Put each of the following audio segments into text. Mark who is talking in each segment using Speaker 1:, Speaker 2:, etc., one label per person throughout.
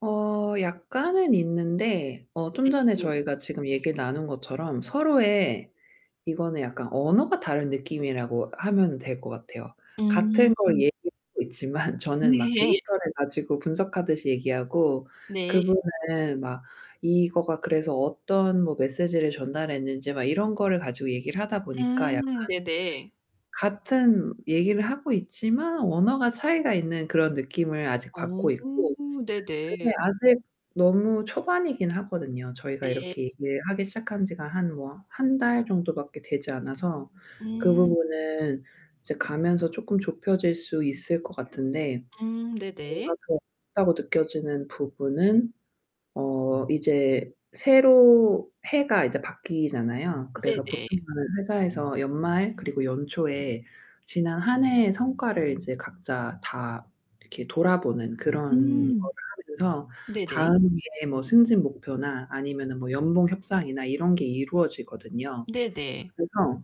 Speaker 1: 어 약간은 있는데 어 좀 전에
Speaker 2: 네네.
Speaker 1: 저희가 지금 얘기를 나눈 것처럼 서로의 이거는 약간 언어가 다른 느낌이라고 하면 될 것 같아요.
Speaker 2: 음.
Speaker 1: 같은 걸 얘기하고 있지만 저는 막
Speaker 2: 네.
Speaker 1: 데이터를 가지고 분석하듯이 얘기하고
Speaker 2: 네.
Speaker 1: 그분은 막 이거가 그래서 어떤 뭐 메시지를 전달했는지 막 이런 거를 가지고 얘기를 하다 보니까 약간
Speaker 2: 음 네네.
Speaker 1: 같은 얘기를 하고 있지만 언어가 차이가 있는 그런 느낌을 아직
Speaker 2: 어
Speaker 1: 받고 있고, 근데
Speaker 2: 네네.
Speaker 1: 아직 너무 초반이긴 하거든요. 저희가
Speaker 2: 예.
Speaker 1: 이렇게 일하기 시작한 지가 한 뭐 1 달 정도밖에 되지 않아서 그
Speaker 2: 음.
Speaker 1: 부분은 이제 가면서 쪼끔 좁혀질 수 있을 것 같은데
Speaker 2: 음 네네.
Speaker 1: 뭔가 그 [unintelligible] 다고 느껴지는 부분은 어 이제 새로 해가 이제 바뀌잖아요. 그래서 보통은
Speaker 2: 네네.
Speaker 1: 회사에서 연말 그리고 연초에 지난 1 해의 성과를 이제 각자 다 이렇게 돌아보는 그런
Speaker 2: 음.
Speaker 1: 거를 하면서
Speaker 2: 네네.
Speaker 1: 다음의 뭐 승진 목표나 아니면은 뭐 연봉 협상이나 이런 게 이루어지거든요.
Speaker 2: 네네.
Speaker 1: 그래서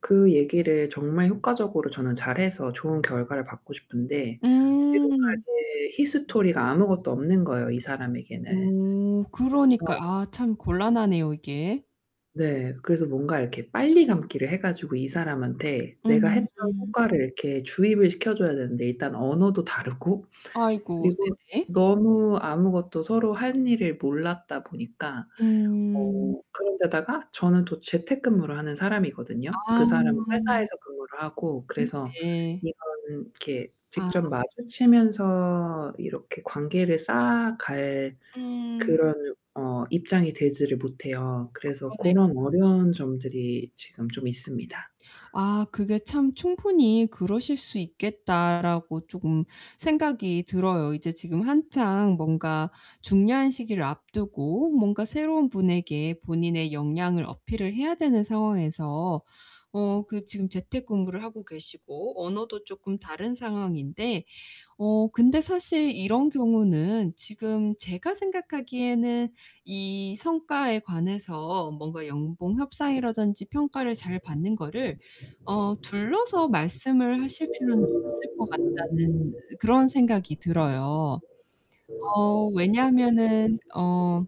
Speaker 1: 그 얘기를 정말 효과적으로 저는 잘해서 좋은 결과를 받고 싶은데
Speaker 2: 음.
Speaker 1: 지금까지의 히스토리가 아무것도 없는거예요, 이 사람에게는.
Speaker 2: 음 그러니까.
Speaker 1: 어.
Speaker 2: 아 참 곤란하네요, 이게.
Speaker 1: 네, 그래서 뭔가 이렇게 빨리 감기를 해가지고 이 사람한테 내가
Speaker 2: 음
Speaker 1: 했던
Speaker 2: 음.
Speaker 1: 효과를 이렇게 주입을 시켜줘야 되는데 일단 언어도 다르고
Speaker 2: 아이고
Speaker 1: 그리고
Speaker 2: 네네.
Speaker 1: 너무 아무것도 서로 할 일을 몰랐다 보니까
Speaker 2: 음.
Speaker 1: 어 그런 데다가 저는 또 재택근무를 하는 사람이거든요.
Speaker 2: 아.
Speaker 1: 그 사람은 회사에서 근무를 하고 그래서
Speaker 2: 네네.
Speaker 1: 이거는 이렇게
Speaker 2: 아.
Speaker 1: 직접 마주치면서 이렇게 관계를 쌓아갈
Speaker 2: 음.
Speaker 1: 그런 어 입장이 되지를 못해요. 그래서
Speaker 2: 그러네요.
Speaker 1: 고런 어려운 점들이 지금 좀 있습니다.
Speaker 2: 아. 그게 참 '충분히 그러실 수 있겠다.'라고 쪼금 생각이 들어요. 이제 지금 한창 뭔가 중요한 시기를 앞두고 뭔가 새로운 분에게 본인의 역량을 어필을 해야 되는 상황에서 어 그 지금 재택근무를 하고 계시고 언어도 쪼끔 다른 상황인데, 어 근데 사실 이런 경우는 지금 제가 생각하기에는 이 성과에 관해서 뭔가 연봉 협상이라든지 평가를 잘 받는 거를 어 둘러서 말씀을 하실 필요는 없을 것 같다는 그런 생각이 들어요. 어 왜냐하면은 어